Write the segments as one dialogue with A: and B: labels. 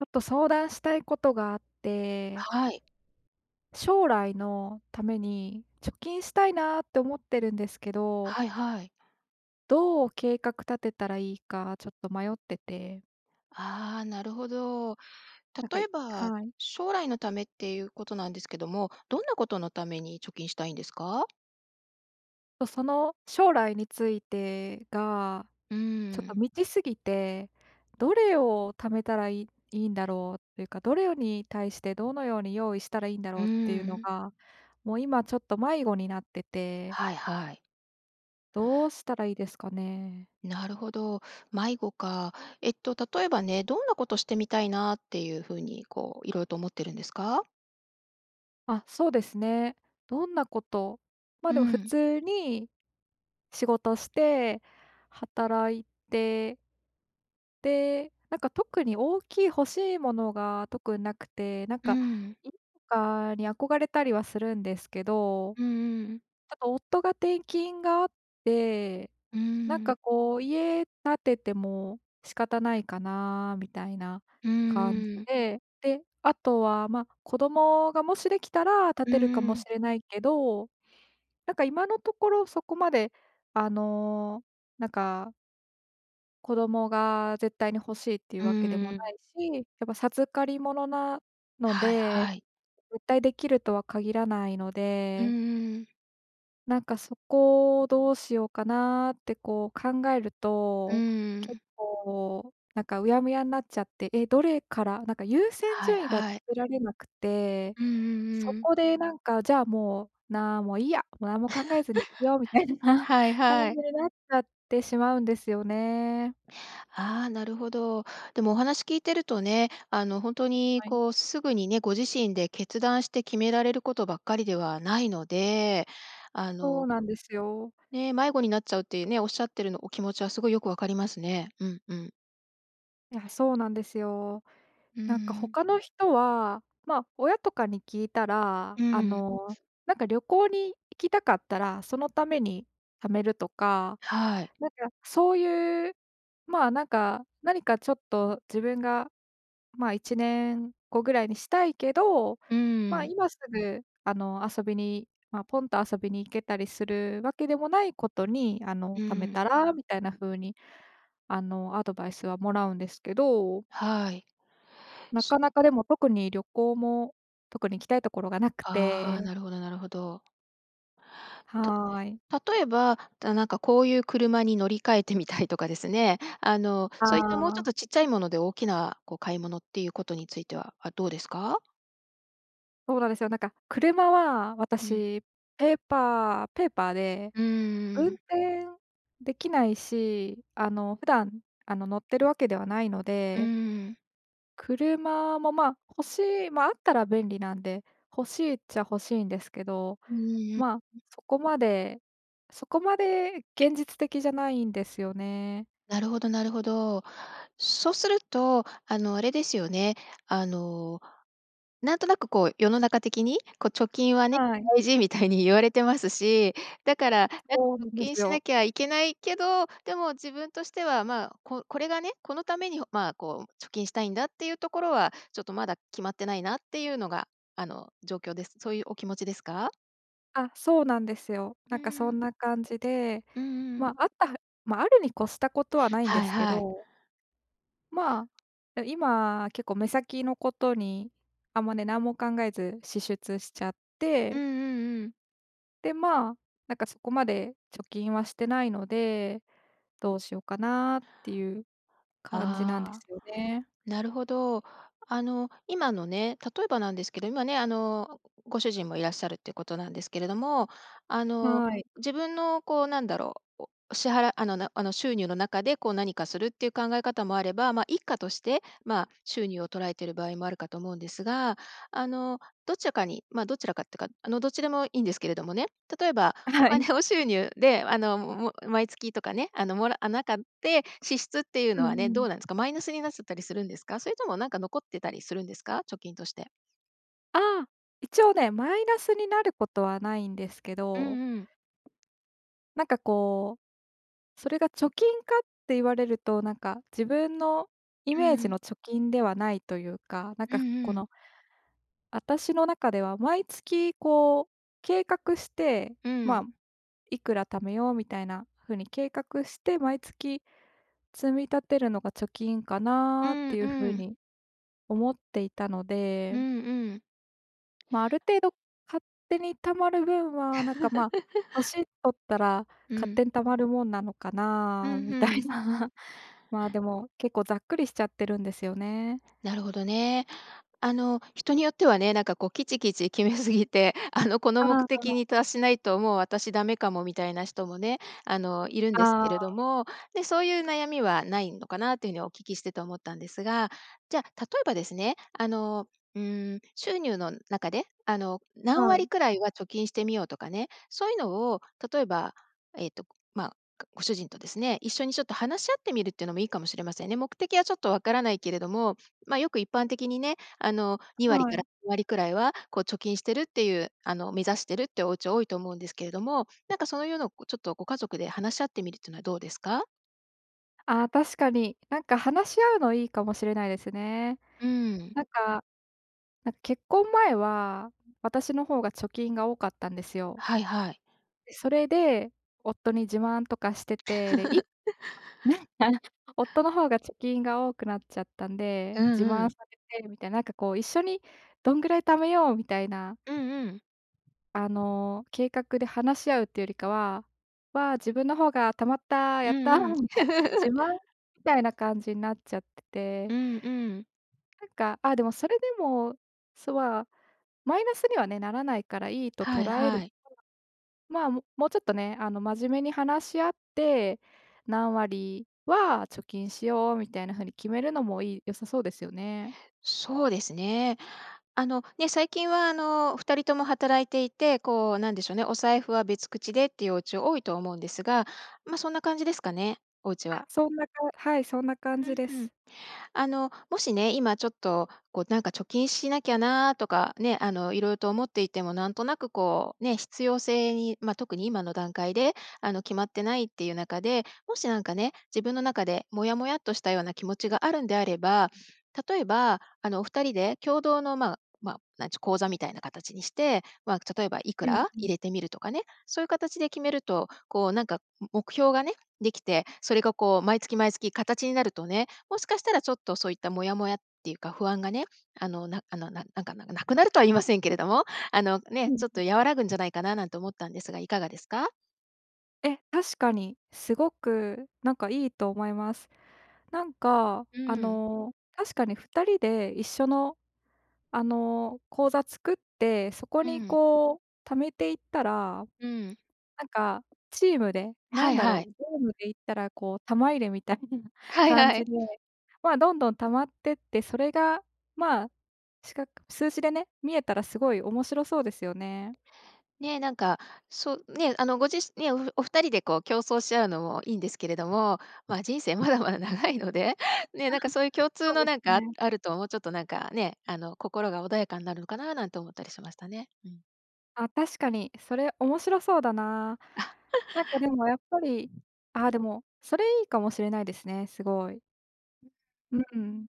A: ちょっと、相談したいことがあって
B: はい。
A: 将来のために、貯金したいなって思ってるんですけど
B: はいはい。
A: どう計画立てたらいいか、ちょっと迷ってて
B: ああ、なるほど。
A: なんか
B: 例
A: い
B: えば、
A: はい。
B: 将来のためっていうことなんですけども、どんなことのために貯金したいんですか？
A: とその、将来についてが、
B: う
A: ちょっと
B: ん。
A: 未知過ぎて、どれを貯めたらいいんだろうっていうか、どれをに対して、どのように用意したらいいんだろ
B: う
A: うっていうの
B: ん。
A: が、もう今ちょっと、迷子になってて
B: はいはい。
A: どうしたらいいですかね？
B: なるほど。迷子か。えっと、例えばね、どんなことしてみたいなっていう風にこう、いろうと思ってるんですか？
A: あ、そうですね。どんなことま、
B: う
A: でも普
B: ん。
A: 通に仕事して、働いてで、なんか特に、大きい欲しいものが特になくて、なん
B: う
A: か、
B: ん。
A: 家とかに憧れたりはするんですけど、
B: うんうん。
A: ちょっと、夫が転勤があって、
B: うー
A: なんか
B: ん。
A: こう、家建てても仕方ないかなみたいな
B: う
A: 感じ
B: んうん。
A: で、で、あとはまあ、子供がもしできたら建
B: う
A: てるか
B: んう
A: もし
B: ん。
A: れないけど、なんか、今のところそこまで、あの、なんか子供が絶対に欲しいっていう
B: う
A: わけでも
B: ー
A: な
B: ん。
A: いし、やっぱ授かりものなの
B: はい
A: で、
B: はい。
A: 絶対できるとは限らないの
B: うん
A: で
B: うん。
A: なんか、そこをどうしようかなって、こう、考える
B: う
A: と、
B: ー
A: 結
B: ん。
A: 構、なんか、うやむやんなっちゃって、え、どれから、なんか、優先
B: はい
A: 順位がつ
B: はい。
A: けられなくて、
B: うんうん
A: そ
B: うん。
A: こで、なんか、じゃあ、もう、なもういいや、もう何も考えずに生きようみたい な
B: はい
A: 感
B: は
A: じ
B: い。
A: になっちゃってしまうんですよね。
B: ああ、なるほど。でもお話聞いてるとね、あの、ほんと
A: う、
B: に、
A: はい。
B: こう、すぐにね、ご自身で決断して決められることばっかりではないので、あ
A: そう
B: の
A: なんですよ。
B: ね、迷子になっちゃうっていうね、おっしゃってるの、お気持ちはすごいよくわかりますね。うんうん。
A: いや、そうなんですよ。
B: うー
A: なんか、
B: ん。
A: 他の人は、ま、親とかに聞いたら、
B: う
A: あ
B: ーん。
A: の、なんか旅行に行きたかったら、そのために貯めるとか、
B: はい。
A: なんか、そういう、ま、なんか、何かちょっと自分が、ま、1年後ぐらいにしたいけど、
B: うー
A: ま、
B: ん。
A: 今すぐ、あの、遊びに、ま、ポンと遊びに行けたりするわけでもないことに、あ
B: う
A: の、貯め
B: ーん。
A: たらみたいな風に、あの、アドバイスはもらうんですけど
B: はい。
A: な
B: す
A: かなか、でも、特に旅行も、特に行きたいところがなく
B: ああ、
A: て。
B: なるほどなるほど。た
A: はい。
B: 例えば、じゃ、なんかこういう車に乗り換えてみたいとかですね、あの、
A: あ
B: そういったもうちょっ
A: あ。
B: とちっちゃいもので、大きな、こう、買い物っていうことについては、あ、どうですか？
A: そうなんですよ。なんか車は
B: うん。
A: 私、ペーパーペーパーで
B: う
A: 運
B: ーん。
A: 転できないし、あの普段あの乗ってるわけではないの
B: うー
A: で。
B: ん。
A: 車もまあ欲しいま、あったら便利なんで、欲しいっちゃ欲しいんですけど、
B: うーん、ん。
A: ま、そこまでそこまで現実的じゃないんですよね。
B: なるほどなるほど。そうすると、あのあれですよね。あの、なんとなくこう世の中的に、こう貯金はね、
A: はい。
B: 大事みたいに言われてますし、だからやっ
A: そうな
B: ぱ貯
A: んで
B: 金
A: す
B: し
A: よ。
B: なきゃいけないけど、でも自分としてはまあ、ここれがね、このためにまあ、こう貯金したいんだっていうところは、ちょっとまだ決まってないなっていうのがあの状況ですそういうお気持ちですか？
A: あ、そうなんですよ。
B: う
A: な
B: ー
A: んかそ
B: ん。
A: んな感じで、
B: うんうん。
A: ま、あったま、あるに越したことはないんで
B: はい
A: すけ
B: はい。
A: ど。まあ、え、今、結構目先のことにあんまね、何も考えず支出しちゃっ
B: うん
A: て。
B: うんうん。
A: で、まあ、なんかそこまで貯金はしてないので、どうしようかなっていう感じなんで
B: ああ、
A: すよね。
B: なるほど。あの今のね、例えばなんですけど、今ね、あのご主人もいらっしゃるっていうことなんですけれども、あの
A: はい。
B: 自分のこうなんだろう、お支払あのあの収入の中でこう何かするっていう考え方もあれば、ま、一家として、ま、収入を捉えてる場合もあるかと思うんですが。あの、どちらかに、ま、どちらかってか、あのどっちでもいいんですけれどもね。例えば、
A: あ、
B: お
A: はい。
B: 金を収入であのも毎月とかね、あのもらっなかって支出っていう
A: う
B: の
A: ん
B: はね、
A: う
B: ど
A: ん。
B: うなんですか？マイナスになっちゃったりするんですか？それともなんか残ってたりするんですか？貯金として。
A: ああ、一応ね、マイナスになることはないんですけ
B: う
A: ど
B: んうん。
A: なんかこう、それが貯金かって言われると、なんか自分のイ
B: う
A: メージ
B: ん。
A: の貯金ではないというか、なん
B: うん
A: か
B: う
A: こ
B: ん。
A: のあたしの中では毎月こう計画して、
B: う
A: ま
B: ん。
A: あ、いくら貯めようみたいなふうに計画して、毎月積み立てるのが貯金か
B: う
A: なっ
B: ん
A: ていうふ
B: う
A: う
B: ん。
A: に思っていたの
B: う
A: で
B: んうん。
A: ま、ある程度勝手に貯まる分はなんか、ま、年取ったら
B: う
A: 勝
B: ん。
A: 手に貯まるもんなのか
B: う
A: な
B: ん、
A: みた
B: ふ
A: い
B: ん。
A: な。まあ、でも結構ざっくりしちゃってるんですよね。
B: なるほどね。あの、人によってはね、なんかこう、きちきち決めすぎて、あの、この
A: ああ
B: 目
A: あ
B: 的
A: あ。
B: に達しないともう私ダメかも、みたいな人もね、あの、いるんです
A: あ
B: けれ
A: あ。
B: ども、ね、そういう悩みはないのかなっていうふうにお聞きしてて思ったんですが、じゃあ例えばですねあの、うーん、収入の中であの、何
A: は
B: 割
A: い。
B: くらいは貯金してみよう、とかね、そういうのを例えばえっとごまあ、かご主人とですね一緒にちょっと話し合ってみるっていうのもいいかもしれませんね。目的はちょっとわからないけれども、ま、よく一般的にね、あの、2割
A: は
B: か
A: い。
B: ら割くらいはこう貯金してるっていうあの、目指してるっていうおうち多いと思うんですけれども、なんかそういうのこうちょっとご家族で話し合ってみるっていうのはどうですか？
A: あ、確かに。なんか、話し合うのいいかもしれないですね。
B: うーん。
A: なんか、なん結婚前は私の方が貯金が多かったんですよ。
B: はいはい。
A: それで、夫に自慢とかしてて、で、いなん か、夫の方が貯金が多くなっちゃったんで、
B: う
A: 自
B: んう
A: 慢
B: ん。
A: させてみたい、なんか、こう、一緒にどんぐらい貯めようみたいな
B: うんうん。
A: あの、計画で話し合うってよりかは、わあ、自分の方が貯まった、
B: う
A: やった、
B: んうん。
A: みたいな自 慢みたいな感じなっちゃってて
B: うんうん。
A: なんか、あ、でも、それでも、そは、マイナスにはね、ならないからいいと
B: はい
A: 捉える
B: は
A: と、
B: い。
A: ま、ももうちょっとね、あの、真面目に話し合って、何割は貯金しようみたいな風に決めるのも良い良さそうですよね。
B: そうですね。あの、ね、最近は、あの、二人とも働いていて、こう、なんでしょうね、お財布は別口でっていうお家多いと思うんですが、ま、そんな感じですかね？お家
A: あ、
B: は。
A: そんなかはい、そんな感
B: う
A: じ
B: ん、
A: で
B: ふん。
A: す。
B: あの、もしね、今ちょっと、こう、なんか、貯金しなきゃなとか、ね、あの、色々と思っていてもなんとなく、こう、ね、必要性に、ま、特に今の段階で、あの、決まってないっていう中で、もしなんかね、自分の中でモヤモヤとしたような気持ちがあるんであれば、例えば、あの、お二人で共同の、まま、なんちゅ、口座みたいな形にして、ま、例えばいく
A: うん
B: ら
A: う
B: 入
A: ん。
B: れてみるとかね、そういう形で決めると、こう、なんか、目標がね、できて、それがこう毎月毎月形になるとね、もしかしたらちょっとそういったモヤモヤっていうか不安がね、あの、なんあの、なんなんか、ななくなるとは言いませんけれども、あの、
A: う
B: ね、
A: ん
B: ちょっ
A: うん。
B: と和らぐんじゃないかななんて思ったんですが、いかがですか？
A: え、確かに、すごくなんかいいと思います。なんか
B: う
A: あ
B: ん。
A: の、確かに二人で一緒の、あの、口座作って、そこ
B: う
A: に
B: ん。
A: こう貯めていったら、
B: うん。
A: なんかチームで、な
B: は
A: ん
B: い
A: だろ
B: はい。
A: う、ゲームで言ったらこう玉入れみたいな
B: はい
A: 感
B: は
A: じ
B: い。
A: で。ま、どんどん溜まってって、それが、ま、視覚数字でね、見えたらすごい面白そうですよね。
B: ね、なんか、そね、あのご自しね、お二人でこう、競争し合うのもいいんですけれども、ま、人生まだまだ長いので、ね、なんかそういう共通
A: そう
B: の
A: で
B: なん
A: す
B: かあ
A: ね。
B: あると、もうちょっとなんかね、あの心が穏やかになるのかななんて思ったりしましたね。うん。
A: あ、確かに。それ、面白そうだな。なんか でもやっぱりあ、でも、それ、いいかもしれないですね、すごい。うーん。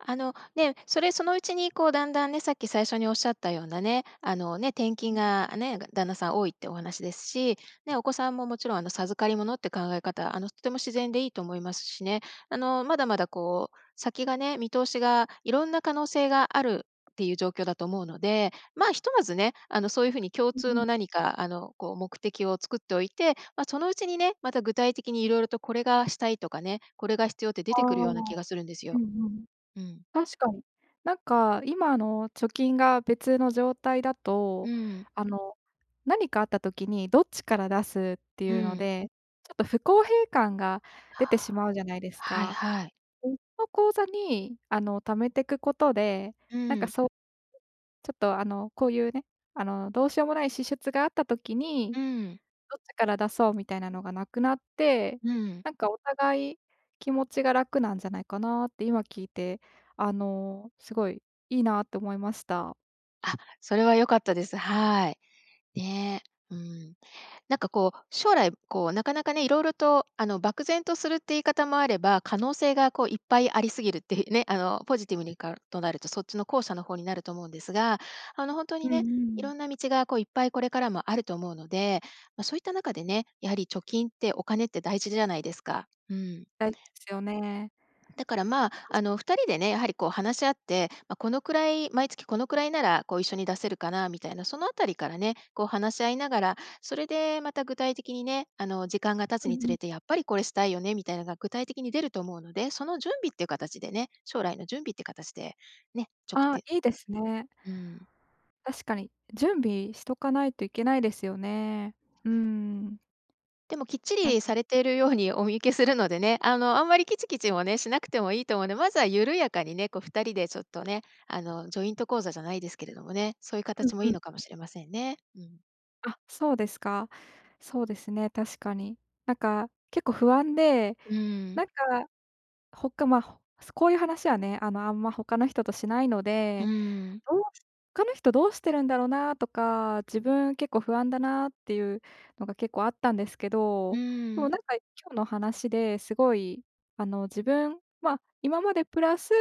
B: あの、ね、それそのうちに、こう段々ね、さっき最初に仰った様なね、あのね、転
A: うー
B: 勤
A: ん。
B: がね、旦那さん多いってお話ですし、ね、お子さんももちろんあの授かりものって考え方、あのとても自然でいいと思いますしね。あのまだまだこう、先がね、見通しが色んな可能性があるっていう状況だと思うので、ま、ひとまずね、あのそういう風に共
A: う
B: 通
A: んうん。
B: の何かあの、こう目的を作っておいて、ま、そのうちにね、また具体的に色々とこれがしたいとかね、これが必要って
A: あ
B: 出
A: あ。
B: て来るような気がするんです
A: う
B: よ。
A: んうん。
B: うん。
A: 確かに。なんか今の貯金が別の状態だ
B: う
A: と、
B: ん。
A: あの、何かあった時にどっちから出すって
B: う
A: いうの
B: ん。
A: で、ちょっと不公平感が出てしまうじゃないで す
B: はい
A: か。
B: はい。
A: 別の口座にあの貯めてくことで、
B: う
A: なんか
B: ん。
A: そう ちょっとあの、こういうね、あの、どうしようもない支出があった時に、
B: うん。
A: どっちから出そうみたいなのが無くなって、
B: うん。
A: なんかお互い気持ちが楽なんじゃないかなって、今聞いて、あの、すごいいいなって思いました。
B: あ、それは良かったです。はーい。ね。うーん。なんか、こう、将来、こう、なかなかね、色々と、あの、漠然とするって言い方もあれば、可能性が、こう、いっぱい有り過ぎるって言うね、あの、ポジティブにかとなると、そっちの後者の方になると思うんですが、あの、ほんと
A: う
B: に
A: んう
B: ね、
A: ん。
B: 色んな道が、こう、いっぱい、これからもあると思うので、ま、そう言った中でね、やはり貯金って、お金って大事じゃないですか。うん。
A: 大事ですよね。
B: だから、ま、あの、二人でね、やはり、こう、話し合って、ま、このくらい毎月このくらいなら、こう、一緒に出せるかなみたいな、そのあたりからね、こう、話し合いながら、それで、また具体的にね、あの、時間が経
A: う
B: つ
A: ん
B: につ
A: うん。
B: れて、やっぱり、これしたいよね、みたいのが、具体的に出ると思うので、その準備っていう形でね将来の準備って形で、ね、ちょく
A: ああ、
B: て
A: いいですね。
B: うーん。
A: 確かに。準備しとかないといけないですよね。うーん。
B: でも、きっち
A: なん
B: り
A: く
B: されているようにお見受けするのでね、あの、あんまりキチキチもね、しなくてもいいと思うんで。まずは、緩やかにね、こう、二人でちょっとね、あの、ジョイント口座じゃないですけれどもね、そう言う
A: うん
B: 形も
A: うん
B: いいのか
A: う
B: も
A: ん。
B: しれませんね。うん。
A: あ、そうですか。そうですね、確かに。なんか、結構不安で、
B: うん。
A: なんか、ほかま、ほすこういう話はね、あの、あんま、他の人としないの
B: う
A: で、
B: ん。
A: どうし他の人どうしてるんだろうなとか、自分、結構不安だなっていうのが結構あったんですけ
B: う
A: ど、でも
B: ん。
A: なんか、今日の話ですごいあの、自分ま、今までプラス、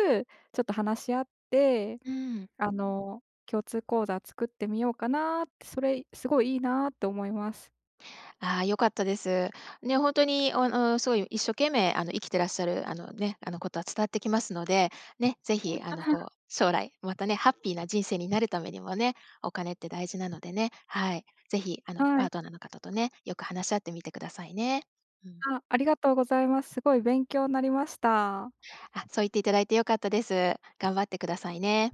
A: ちょっと話し合って、
B: うん。
A: あの、共通口座作ってみようかなって、それ、すごいいいなと思います。
B: ああ、良かったです。ね、ほんとに、おん、うーん、すごい、一生懸命、あの、生きてらっしゃる、あのね、あの、ことは伝わってきますので、ね、ぜひあの、こう、将来またねハッピーな人生になるためにもね、お金って大事なのでね、はい。ぜひ、あの、
A: は
B: パ
A: い。
B: ートナーの方とね、よく話し合ってみてくださいね。うん。
A: あ、ありがとうございます。すごい勉強なりました。
B: あ、そう言っていただいて良かったです。頑張ってくださいね。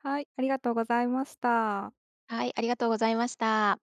A: はい、ありがとうございました。
B: はい、ありがとうございました。